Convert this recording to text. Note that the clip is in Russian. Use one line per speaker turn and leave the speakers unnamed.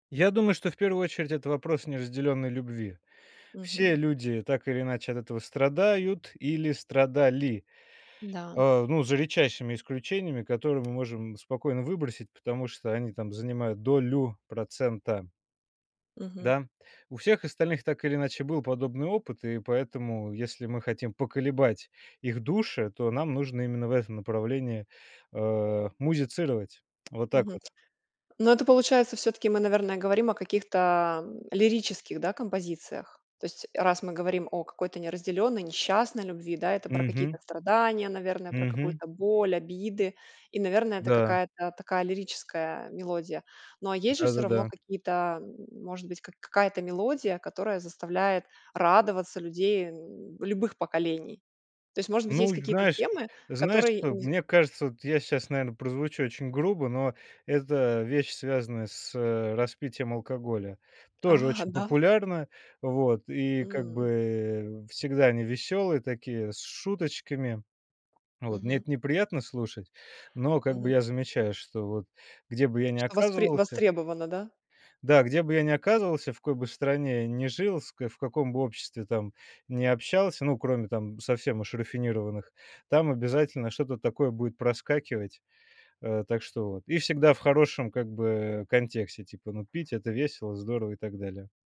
Я думаю, что в первую очередь это вопрос неразделенной любви. Все
Мгм.
люди так или иначе от этого страдают или страдали,
Да.
а, ну, за редчайшими исключениями, которые мы можем спокойно выбросить, потому что они там занимают долю процента.
Мгм.
Да, у всех остальных так или иначе был подобный опыт, и поэтому если мы хотим поколебать их души, то нам нужно именно в этом направлении, а, музицировать. Вот так
Мгм.
вот.
Но это получается, всё-таки мы, наверное, говорим о каких-то, м, лирических, да, композициях. То есть, раз мы говорим о какой-то неразделённой, несчастной любви, да, это про какие-то
Мгм.
страдания, наверное, про
Мгм.
какую-то боль, обиды, и, наверное, это
Да.
какая-то такая лирическая мелодия. Но а есть же всё равно
Да-да-да.
какие-то, м может быть, как какая-то мелодия, которая заставляет радоваться людей, м, любых поколений? То есть, может быть,
Ну,
есть какие-то
знаешь
темы,
знаешь,
которые
что
не з
мне кажется, вот я щас, наверно, прозвучу очень грубо, но это вещь, связанная с, э, распитием алкоголя. Тоже
А,
очень
да?
популярна, вот, и как
М.
бы всегда они веселые такие, с шуточками. Вот, мне
Мгм.
это неприятно слушать, но как бы
Мгм.
я замечаю, что вот где бы я ни
Что востре
оказывался
востребовано, да?
Да, где бы я ни оказывался, в какой бы стране я ни жил, с в каком бы обществе там ни общался, ну, кроме там совсем уж рафинированных, там обязательно что-то такое будет проскакивать, э, так что вот. И всегда в хорошем как бы контексте, типа, ну, пить- это весело, здорово и так далее.